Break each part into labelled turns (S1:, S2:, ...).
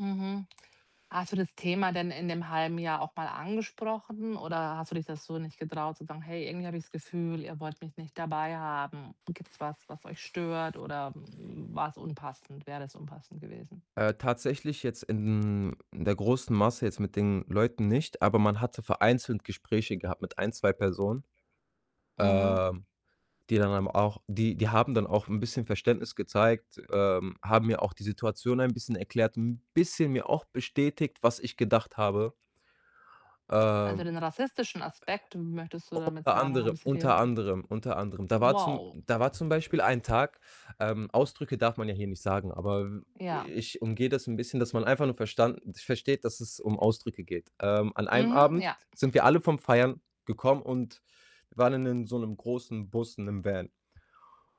S1: Mhm. Hast du das Thema denn in dem 1/2 Jahr auch mal angesprochen oder hast du dich da so nicht getraut zu sagen: „Hey, irgendwie habe ich das Gefühl, ihr wollt mich nicht dabei haben. Gibt's was, was euch stört?“ oder, hm, war‘s unpassend wäre das unpassend gewesen?
S2: Äh, tatsächlich jetzt in der großen Masse jetzt mit den Leuten nicht, aber man hatte vereinzelt Gespräche gehabt mit 1, 2 Personen,
S1: Mhm.
S2: ähm, die dann eben auch die die haben dann auch ‘n bisschen Verständnis gezeigt, ähm, haben mir auch die Situation ein bisschen erklärt, ‘n bisschen mir auch bestätigt, was ich gedacht habe.
S1: Also,
S2: Ähm
S1: den rassistischen Aspekt, möchtest du damit
S2: Unter
S1: sagen, haben
S2: anderem,
S1: sie dir
S2: unter
S1: wieder
S2: anderem, unter anderem. Da war zum
S1: Wow.
S2: da war zum Beispiel ein Tag, ähm Ausdrücke darf man ja hier nicht sagen, aber
S1: Ja.
S2: ich umgehe das ‘n bisschen, dass man einfach nur verstanden versteht, dass es um Ausdrücke geht. Ähm, an einem
S1: Mhm,
S2: Abend
S1: ja.
S2: sind wir alle vom Feiern gekommen und waren in 'nen so ‘nem großen Bus, in ‘nem Van.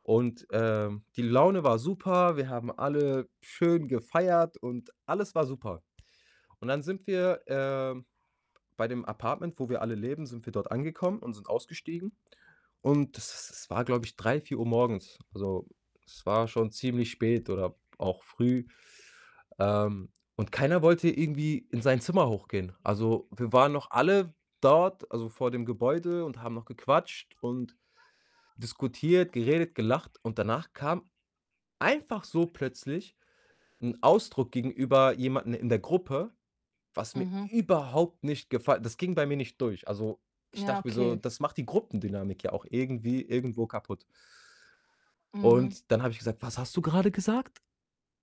S2: Und, äh, die Laune war super, wir haben alle schön gefeiert und alles war super. Und dann sind wir äh, bei dem Apartment, wo wir alle leben, sind wir dort angekommen und sind ausgestiegen. Und das es war, glaube ich, 3, 4 Uhr morgens, also es war schon ziemlich spät oder auch früh, ähm, und keiner wollte irgendwie in sein Zimmer hochgehen. Also, wir waren noch alle dort, also, vor dem Gebäude und haben noch gequatscht und diskutiert, geredet, gelacht und danach kam einfach so plötzlich ‘n Ausdruck gegenüber jemandem in der Gruppe, was mir
S1: Mhm.
S2: überhaupt nicht gefall das ging bei mir nicht durch, also, ich
S1: Ja,
S2: dachte mir so,
S1: okay.
S2: das macht die Gruppendynamik ja auch irgendwie irgendwo kaputt.
S1: Mhm.
S2: Und dann habe ich gesagt: „Was hast du grade gesagt?"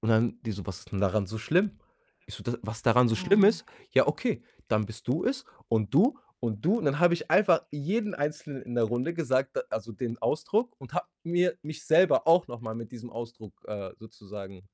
S2: Und dann die so: „Was ist denn daran so schlimm?" Ich so: „D was daran so schlimm
S1: Mhm.
S2: ist? Ja, okay, dann bist du es und du und du "und dann habe ich einfach jeden Einzelnen in der Runde gesagt, äh also, den Ausdruck und habe mir mich selber auch noch mal mit diesem Ausdruck, äh, sozusagen